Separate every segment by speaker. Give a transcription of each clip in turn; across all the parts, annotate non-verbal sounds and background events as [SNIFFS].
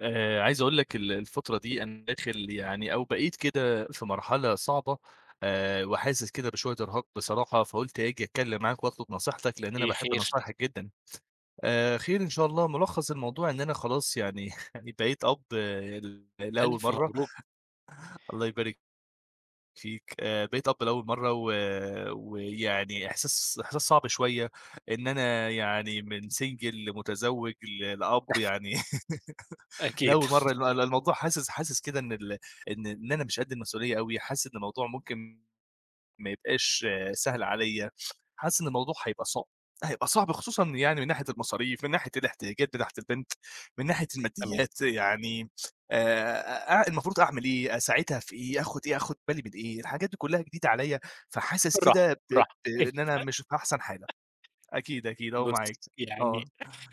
Speaker 1: آآ، عايز أقول لك ال الفترة دي أنا داخل يعني أو بقيت كده في مرحلة صعبة، آآ، وحاسس كده بشوية إرهاق بصراحة، فقُلت آجي أتكلّم معاك وأطلب نصيحتك لأن أنا
Speaker 2: إيه
Speaker 1: باحب
Speaker 2: خير؟
Speaker 1: نصايحك جدًا. آآ، خير إن شاء الله، ملخَّص الموضوع إن أنا خلاص يعني [CHUCKLES] يعني بقيت أب ل لأول
Speaker 2: ألف
Speaker 1: مَرّة
Speaker 2: مبروك.
Speaker 1: الله يبارك فيك، آآ، بقيت أب لأول مَرّة و ويعني إحساس إحساس صعب شوية إن أنا
Speaker 2: [UNINTELLIGIBLE]
Speaker 1: يعني من single لمتزوج ل لأب يعني
Speaker 2: [CHUCKLES]
Speaker 1: [LAUGHS]
Speaker 2: أكيد.
Speaker 1: لأول مَرّة،
Speaker 2: [CHUCKLES]
Speaker 1: الم ال ال الموضوع حاسس حاسس كده إن ال إن إن أنا مش قدّ المسؤولية أوي، حاسس إن الموضوع ممكن ما يبقاش سهل عليَّ، حاسس إن الموضوع هيبقى صع هيبقى صعب خصوصًا يعني من ناحية المصاريف، من ناحية الاحتياجات بتاعة البنت، من ناحية
Speaker 2: تمام.
Speaker 1: الماديات، يعني آآ، أ المفروض أعمل إيه؟ أساعدها في إيه؟ آخُد إيه، آخُد بالي من إيه؟ الحاجات دي كلّها جديدة عليَّ فحاسس
Speaker 2: بالراحة،
Speaker 1: كده ب ب
Speaker 2: بالراحة إهدى.
Speaker 1: إن أنا مش في أحسن حالة. أكيد،
Speaker 2: [LAUGHS]
Speaker 1: أكيد أهو
Speaker 2: بُصّ
Speaker 1: معاك،
Speaker 2: يعني
Speaker 1: آه.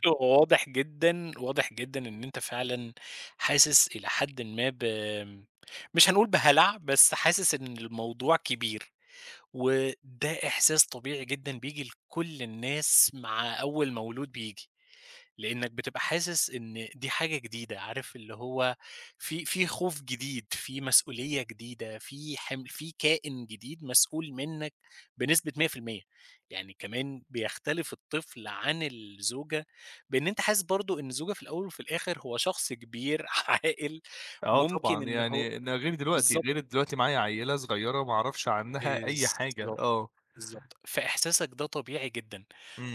Speaker 2: هو واضح جدًا، واضح جدًا إن أنت فعلًا حاسس إلى حدٍ ما ب آمم، مش هنقول بهلع بس حاسس إن الموضوع كبير، وده إحساس طبيعي جدًا بييجي لكل الناس مع أول مولود بييجي، لأنك بتبقى حاسس إن دي حاجة جديدة، عارف اللي هو في في خوف جديد، في مسؤولية جديدة، في حم في كائن جديد مسؤول منك بنسبة 100%، يعني كمان بيختلف الطفل عن الزوجة بإن أنت حاسس برضو إن الزوجة في الأول وفي الآخر هو شخص كبير عاقل
Speaker 1: آه
Speaker 2: ممكن
Speaker 1: طبعًا،
Speaker 2: إن هو
Speaker 1: يعني إن غير دلوقتي، غير
Speaker 2: بالضبط.
Speaker 1: دلوقتي معايا عيّلة صغيّرة وما اعرفش عنّها أي حاجة،
Speaker 2: بالضبط،
Speaker 1: آه.
Speaker 2: بالضبط، فإحساسك ده طبيعي جدًا.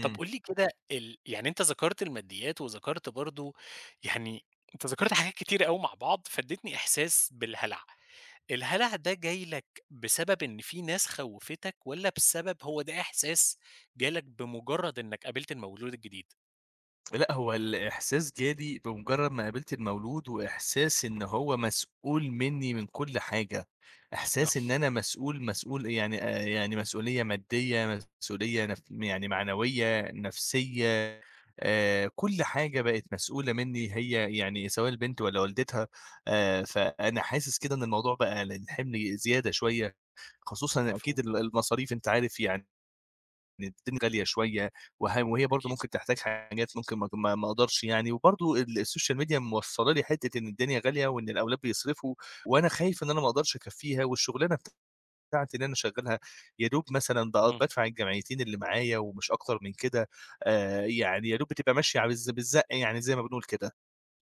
Speaker 2: طب قُل لي كده ال يعني أنت ذكرت الماديات وذكرت برضو يعني أنت ذكرت حاجات كتيرة أوي مع بعض، فادّيتني إحساس بالهلع. الهلع ده جاي لك بسبب إن في ناس خوّفتك والّا بسبب هو ده إحساس جالك بمجرد إنك قابلت المولود الجديد؟
Speaker 1: لأ، هو الإحساس جالي بمُجرّد ما قابلت المولود وإحساس إنه هو مسؤول منّي من كل حاجة، إحساس إن
Speaker 2: [UNINTELLIGIBLE]
Speaker 1: أنا مسؤول مسؤول يعني آآ، يعني مسؤولية مادّية مسؤولية نف يعني معنوية، نفسية، آآ كل حاجة بقت مسؤولة منّي هي يعني سواء البنت والّا والدتها، آآ، فأنا حاسِس كده إن الموضوع بقى لإن حِمل زيادة شوية خصوصًا أكيد
Speaker 2: مفهوم.
Speaker 1: ال المصاريف أنت عارف يعني إن الد غالية شوية وها وهي برضه
Speaker 2: أكيد.
Speaker 1: ممكن تحتاج حاجات ممكن ما ت ما ما أقدرش يعني. وبرضه ال السوشيال ميديا موصّلة لي حتّة إن الدنيا غالية وإن الأولاد بيصرفوا وأنا خايف إن أنا ما أقدرش أكفّيها والشُغلانة بتاعتي اللي أنا شغّالها يا دوب مثلًا ب
Speaker 2: اهم.
Speaker 1: بادفع الجمعيتين اللي معايا ومش أكتر من كده، آآ يعني يا دوب بتبقى ماشية على الز بالزق يعني، زي ما بنقول كده.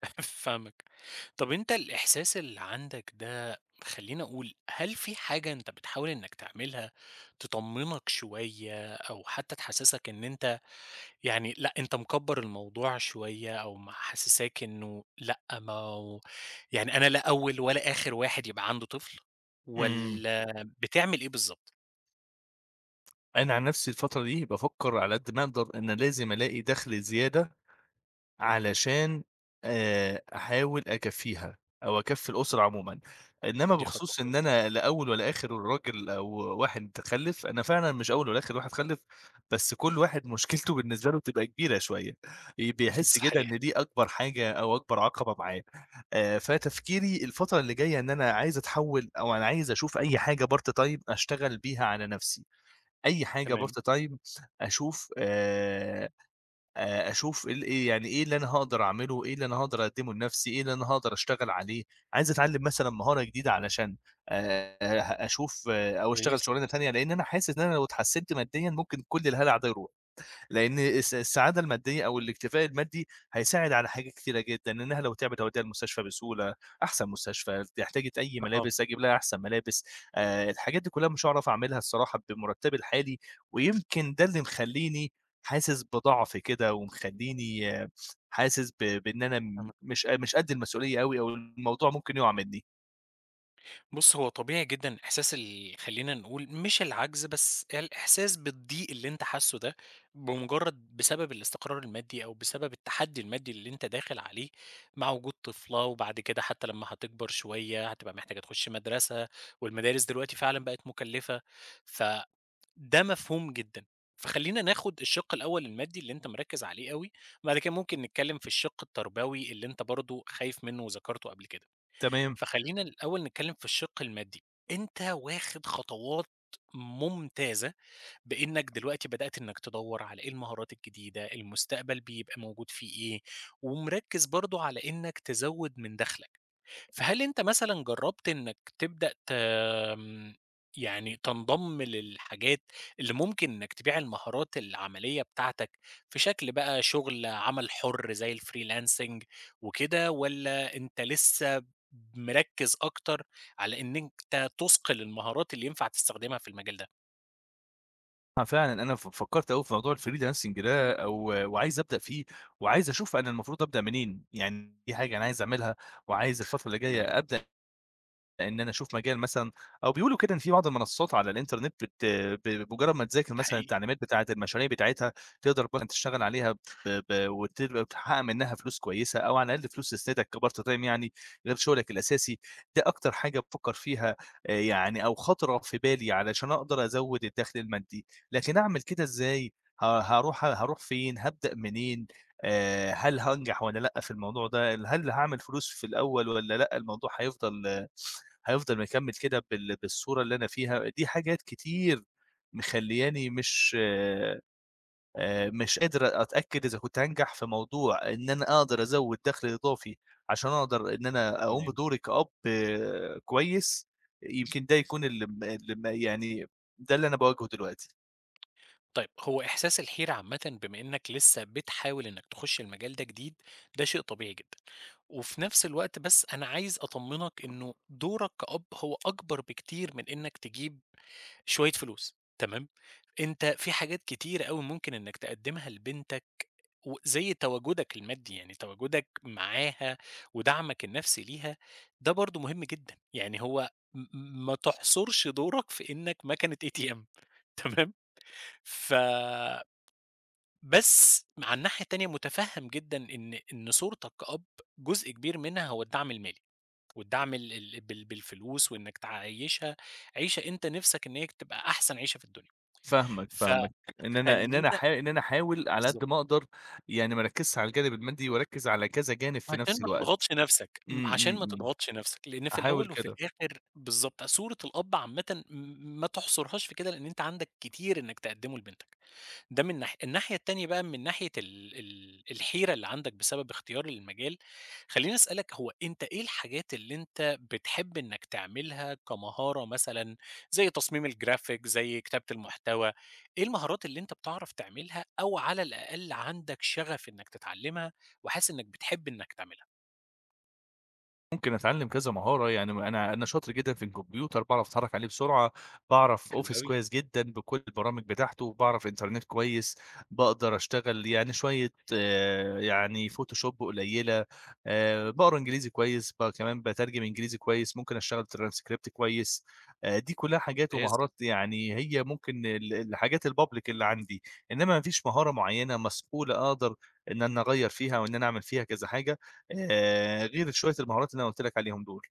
Speaker 2: [CHUCKLES] فاهمك. طَب أنت الإحساس اللي عندك ده خلّيني أقول، هل في حاجة أنت بتحاول إنّك تعملها تطمِّنك شوية أو حتّى تحسِّسك إن أنت يعني لأ، أنت مِكَبّر الموضوع شوية أو محسِّساك إنه لأ، ما هو يعني أنا لا أول ولا آخِر واحد يبقى عنده طفل
Speaker 1: إمم.
Speaker 2: والّا بتعمِل إيه بالضبط؟
Speaker 1: أنا عن نَفْسي الفترة دي بافكّر على قد ما أقدر إن لازم ألاقي دَخْل زيادة علشان آآ أحاول أكفّيها أو أكفّي الأسرة عمومًا. إنّما
Speaker 2: دي خطوة
Speaker 1: بخصوص إن
Speaker 2: كويسة.
Speaker 1: أنا لا أول ولا آخِر راجل أو واحد خلِّف، أنا فعلًا مش أول ولا آخِر واحد خَلِّف، بس كل واحد مشكلته بالنسبة له بتبقى كبيرة شوية. ي
Speaker 2: [CHUCKLES]
Speaker 1: بيحِس كده
Speaker 2: صحيح.
Speaker 1: إن دي أكبر حاجة أو أكبر عَقَبة معاه. آآ فتفكيري الفترة اللي جاية إن أنا عايز أتحوِّل أو أنا عايز أشوف أي حاجة part time أشتغل بيها على نَفْسي. أي حاجة
Speaker 2: تمام.
Speaker 1: part time أشوف آآ آآ أشوف ال إيه يعني إيه اللي أنا هاقدر أعمله، إيه اللي أنا هاقدر أقدِّمه لنَفْسي، إيه اللي أنا هاقدر أشتغل عليه؟ عايز أتعلِّم مثلًا مهارة جديدة علشان آآ أشوف أو أشتغل
Speaker 2: كويس.
Speaker 1: شُغلانة تانية، لإن أنا حاسِس إن أنا لو اتحسِّنت ماديًا ،ممكن كل الهَلَع ده يروح. لإن الس السعادة المادّية أو الاكتفاء المادّي، هيساعد على حاجات كتيرة جدًا، إنّها لو تِعبِت أودّيها المستشفى بسهولة أحسن مستشفى، احتاجت أي
Speaker 2: آه.
Speaker 1: ملابس أجيب لها أحسن ملابس، آآ الحاجات دي كُلّها مش هاعرف أعملها الصراحة بمُرتَّبي الحالي ويمكن ده اللي مخلّيني حاسِس بضعف كده ومخلّيني حاسِس ب بإن أنا م
Speaker 2: تم
Speaker 1: مش ق مش قد المسؤولية أوي أو الموضوع ممكن يُقَع منّي.
Speaker 2: بُصّ، هو طبيعي جدًا إحساس ال خلّينا نقول مش العجز بس الإحساس بالضيق اللي أنت حاسّه ده بمجرد بسبب الاستقرار المادي، أو بسبب التحدي المادي اللي أنت داخل عليه مع وجود طفلة، وبَعد كده حتى لمّا هتكبر شوية هتبقى محتاجة تخش مدرسة، والمدارس دلوقتي فعلًا بقت مكلّفة، فده مفهوم جدًا، فخلّينا ناخد الشِق الأول المادي اللي أنت مركز عليه أوي، بعد كده ممكن نتكلم في الشِق التربوي اللي أنت برضو خايف منه وذكرته قبل كده.
Speaker 1: تمام.
Speaker 2: فخلّينا الأول نتكلم في الشِق المادي، أنت واخد خطوات ممتازة بإنك دلوقتي بدأت إنك تدوّر على إيه المهارات الجديدة، المستقبل بيبقى موجود فيه إيه، ومركّز برضو على إنك تزوّد من دخلك، فهل أنت مثلًا جربت إنك تبدأ ت آمم، يعني تنضم للحاجات اللي ممكن إنك تبيع المهارات العملية بتاعتك في شكل بقى شغل عمل حُر زي الfreelancing وكده، والّا أنت لسه مركّز أكتر على إن أنت تُصقل المهارات اللي ينفع تستخدمها في المجال ده؟
Speaker 1: آه فعلًا، أنا ف فكرت أوي في موضوع الfreelancing ده أو وعايز أبدأ فيه، وعايز أشوف أنا المفروض أبدأ منين، يعني دي حاجة أنا عايز أعملها وعايز الفترة الجاية
Speaker 2: تمام.
Speaker 1: أبدأ إن أنا أشوف مجال مثلًا أو بيقولوا كده إن في بعض المنصات على الإنترنت بت ب بمجرد ما تذاكر
Speaker 2: ده
Speaker 1: مثلًا
Speaker 2: حقيقي.
Speaker 1: التعليمات بتاعة المشاريع بتاعتها تقدر بقي تشتغل عليها ب ب وتقدر تحقق منها فلوس كويسة، أو على الأقل فلوس تسندك كpart time يعني غير شغلك الأساسي، ده أكتر حاجه بافكر فيها آآ يعني أو خطرت في بالي علشان أقدر أزوّد الدخل المادي، لكن أعمل كده إزاي ه هاروح هاروح فين هابدأ منين، آآ، هل هانجح والّا لأ في الموضوع ده، هل هاعمل فلوس في الأول والّا لأ؟ الموضوع هيفضل [SNIFFS] هيفضل مكمّل كده بال بالصورة اللي أنا فيها؟ دي حاجات كتير مخلّياني مش آآ، مش قادر أتأكد إذا كُنت هانجح في موضوع إن أنا أقدر أزود دخل إضافي عشان أقدر إن أنا أقوم
Speaker 2: تمام.
Speaker 1: بدوري كأب كويس، يمكن ده يكون الم الم يعني ده اللي أنا باواجهه دلوقتي.
Speaker 2: طيب هو إحساس الحيرة عامةً بما إنّك لسّه بتحاول إنّك تخُش المجال ده جديد، ده شيء طبيعي جدًا، وفي نفْس الوقت بس أنا عايز أطمنك إنه دورَك كأب هو أكبر بكتير من إنّك تجيب شوية فلوس، تمام، أنت في حاجات كتيرة أوي ممكن إنّك تقدّمها لبنتك، وزي تواجُدك المادي، يعني تواجُدك معاها ودَعمك النفْسي ليها، ده برضه مهم جدًا. يعني هو م م ما تحصُرش دورَك في إنّك مكنة ATM تمام، ف بس مع الناحية التانية مُتفهم جدًا إن إن صورتك كأب جزء كبير منها هو الدعم المالي، والدعم ال ال بال بالفلوس وإنّك تعيّشها عيشَة أنت نفْسك إن هي كانت تبقى أحسن عيشَة في الدنيا،
Speaker 1: فاهمك، فاهمك، إن أنا إن أنا
Speaker 2: فخلّينا
Speaker 1: احا إن أنا احاول على قَد
Speaker 2: بالضبط.
Speaker 1: ما اقدر، يعني ما اركِّزش على الجانب المادي واركِّز على كذا جانب في
Speaker 2: عشان
Speaker 1: نفْس
Speaker 2: ما
Speaker 1: الوقت،
Speaker 2: تضغطش نفْسك، م
Speaker 1: إمم،
Speaker 2: عشان
Speaker 1: إمم،
Speaker 2: ما
Speaker 1: إمم.
Speaker 2: تضغطش نفْسك، لإن في
Speaker 1: هاحاول
Speaker 2: الأول وفي
Speaker 1: كده.
Speaker 2: الآخر بالضبط، صورة الأب عامةً م ما تحصرهاش في كده لإن أنت عندك كتير إنّك تقدّمه لبنتك. ده من ناحية، الناحية التانية بقى من ناحية ال ال الحيرة اللي عندك بسبب اختيار المجال، خلّيني اسألك هو أنت إيه الحاجات اللي أنت بتحب إنّك تعملها كمهارة مثلًا، زي تصميم الGraphic زي كتابة المحتوى، إيه المهارات اللي أنت بتعرف تعملها أو على الأقل عندك شَغف إنّك تتعلّمها، وحاسس إنّك بتحب إنك تعملها؟
Speaker 1: ممكن أتعلّم كذا مهارة يعني م أنا أنا شاطر جدًا في الكمبيوتر باعرف أتحرّك عليه بسرعة، باعرف
Speaker 2: حلو
Speaker 1: office
Speaker 2: أوي.
Speaker 1: كويّس جدًا بكلّ البرامج بتاعته، وباعرف إنترنت كويّس، باقدر أشتغل يعني شويّة آآ يعني Photoshop قليلة، آآ باقرا إنجليزي كويّس بقى كمان باترجم إنجليزي كويّس، ممكن أشتغل transcript كويّس، آآ دي كلّها حاجات
Speaker 2: ممتاز.
Speaker 1: ومهارات يعني هي ممكن ال الحاجات الpublic اللي عندي، إنّما ما فيش مهارة معيّنة مسؤولة أقدر إن أنا أغيَّر فيها وإن أنا أعمل فيها كذا حاجة، آآ غير شويّة المهارات اللي أنا قُلت لك عليهم دُول.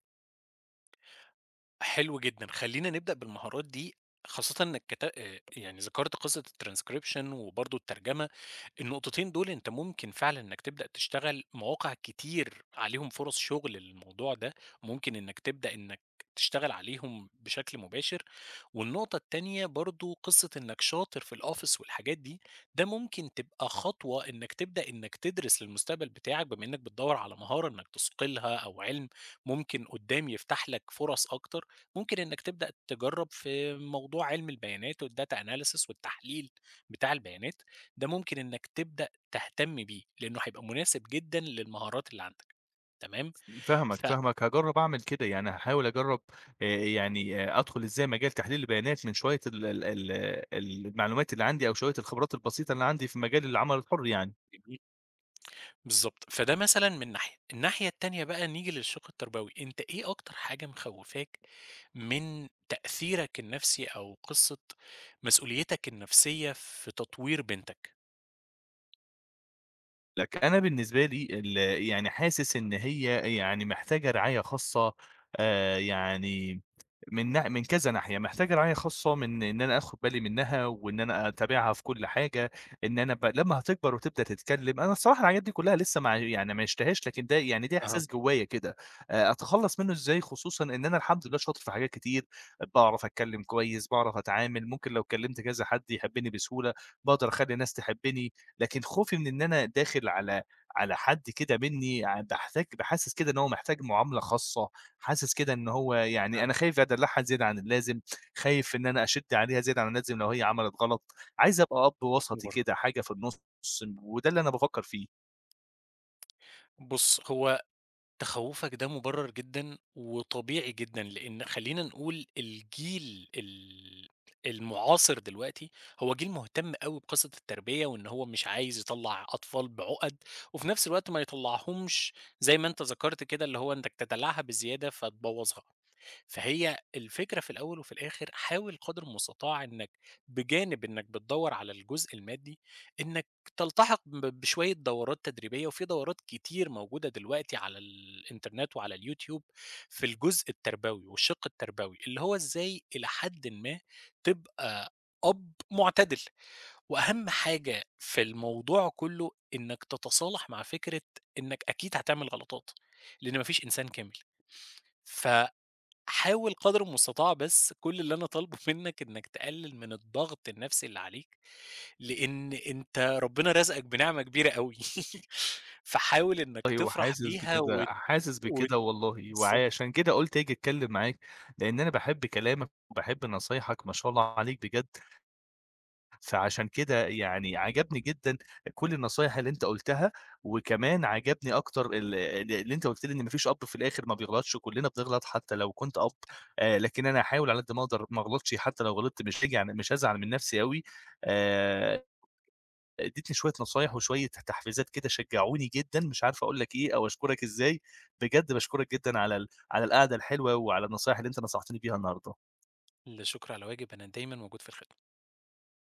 Speaker 2: حلو جدًا، خلّينا نبدأ بالمهارات دي، خاصةً إنّك كت آآ يعني ذكرت قصّة الtranscription وبرضو الترجمة، النقطتين دُول أنت ممكن فعلًا إنّك تبدأ تشتغل مواقع كتير عليهم فرص شغل للموضوع ده، ممكن إنّك تبدأ إنّك تشتغل عليهم بشكل مباشر. والنقطة التانية برضو قصّة إنّك شاطر في الoffice والحاجات دي، ده ممكن تبقى خطوة إنّك تبدأ إنّك تدرس للمستقبل بتاعك، بما إنّك بتدوّر على مهارة إنّك تُثقِلها أو علم، ممكن قدّام يفتح لك فرص أكتر، ممكن إنّك تبدأ تجرّب في موضوع علم البيانات والdata analysis والتحليل بتاع البيانات، ده ممكن إنّك تبدأ تهتم بيه، لإنّه هيبقى مناسب جدًا للمهارات اللي عندك، تمام،
Speaker 1: امم، فاهمك،
Speaker 2: ف
Speaker 1: فاهمك، هاجرّب أعمل كده يعني هاحاول أجرّب، آآ يعني آآ أدخل إزاي مجال تحليل البيانات من شويّة ال ال ال ال المعلومات اللي عندي، أو شويّة الخبرات البسيطة اللي عندي في مجال العمل الحر يعني.
Speaker 2: جميل. بالضبط، فده مثلًا من ناحية. الناحية التانية بقى نيجي للشق التربوي، أنت إيه أكتر حاجة مخوّفاك من تأثيرك النفْسي، أو قصّة مسؤوليتك النفسيّة في تطوير بنتك؟
Speaker 1: لكن أنا بالنسبة لي ال يعني حاسس إن هي يعني محتاجة رعاية خاصة، آآ يعني، [TSK] من نح من كذا ناحية، محتاجة رعاية خاصة من إن أنا آخد بالي منها، وإن أنا أتابعها في كلّ حاجة، إن أنا ب لمّا هتكبر وتبدأ تتكلّم، أنا الصراحة الحاجات دي كلّها لسّه ما ع يعني ما عيشتهاش لكن ده، يعني ده إحساس
Speaker 2: أها.
Speaker 1: جوايا كده، أ أتخلّص منُّه ازاي خصوصًا إن أنا الحمد لله شاطر في حاجات كتير، باعرف اتكلّم كويس باعرف اتعامِل ممكن لو تكّلمت كذا حد يحبّني بسهولة، باقدر اخلّي الناس تحبّني، لكن خوفي من إن أنا داخل على على حد كده منّي يعني باحتاج تبقى حاسس كده إن هو محتاج مُعاملة خاصّة، حاسس كده إن هو يعني أنا
Speaker 2: فهم
Speaker 1: خايف أدلّعها زيادة عن اللازم، خايف إن أنا أشِد عليها زيادة عن اللازم لو هي عَملت غلط، عايز ابقى أب
Speaker 2: مش
Speaker 1: وسطي
Speaker 2: مُبرر.
Speaker 1: كده حاجة في النُص، ن وده اللي أنا بافكّر فيه.
Speaker 2: بُصّ هو تخوّفك ده مُبرَر جدًا، وطبيعي جدًا لإن خلّينا نقول الجيل ال المُعاصر دلوقتي، هو جيل مهتم أو بقصّة التربيّة وإن هو مش عايز يطلّع أطفال بعُقَد، وفي نفْس الوقت ما يطلّعهمش زي ما أنت ذَكرت كده اللي هو إنتك تدلّعها بزيادة فتبوّظها، فهي الفكرة في الأول وفي الآخر حاول قدر المُستطاع إنّك بجانب إنّك بتدوّر على الجزء المادي، إنّك تلتحق ب بشوية دورات تدريبيّة، وفي دورات كتير موجودة دلوقتي على الإنترنت وعلى اليوتيوب، في الجزء التربوي، والشَق التربوي، اللي هو إزاي إلى حدٍ ما تبقى أب مُعتدل، وأهم حاجة في الموضوع كلّه إنّك تتصالح مع فكرة إنّك أكيد هاتعمل غلطات، لإن ما فيش إنسان كامل. فحاول قدر المستطاع بس كلّ اللي أنا طالبه منّك إنّك تقلّل من الضغط النفْسي اللي عليك، لإن أنت ربنا رَزقك بنعمة كبيرة أوي، [LAUGHS] فحاول إنّك
Speaker 1: أيوه
Speaker 2: تفرح
Speaker 1: حاسس
Speaker 2: بيها
Speaker 1: بكده
Speaker 2: وت
Speaker 1: حاسس
Speaker 2: وت
Speaker 1: بكده والله،
Speaker 2: بالضبط.
Speaker 1: وعشان كده قُلت آجي اتكلّم معاك، لإن أنا باحب كلامك وباحب نصايحك ما شاء الله عليك بجد فعشان كده يعني عجَبني جدًا كلّ النصايح اللي أنت قُلتها، وكمان عجَبني أكتر اللي اللي اللي أنت قُلت لي إن ما فيش أب في الآخر ما بيغلطش و كلّنا بنغلط حتّى لو كنت أب، آآ لكن أنا هاحاول على قَد ما اقدر ما اغلطش حتّى لو غلطت مش هاجي على مش هازعل من نفْسي أوي، آآ
Speaker 2: [UNINTELLIGIBLE]
Speaker 1: ادّيتني شوية نصايح وشوية تحفيزات كده شجعوني جدًا، مش عارف اقول لك إيه أو اشكرك إزاي، بجد باشكرك جدًا على ال على القعدة الحلوة وعلى النصايح اللي أنت نصحتني بيها انهارده.
Speaker 2: لا شُكر على واجب، أنا دايمًا موجود في الخدمة.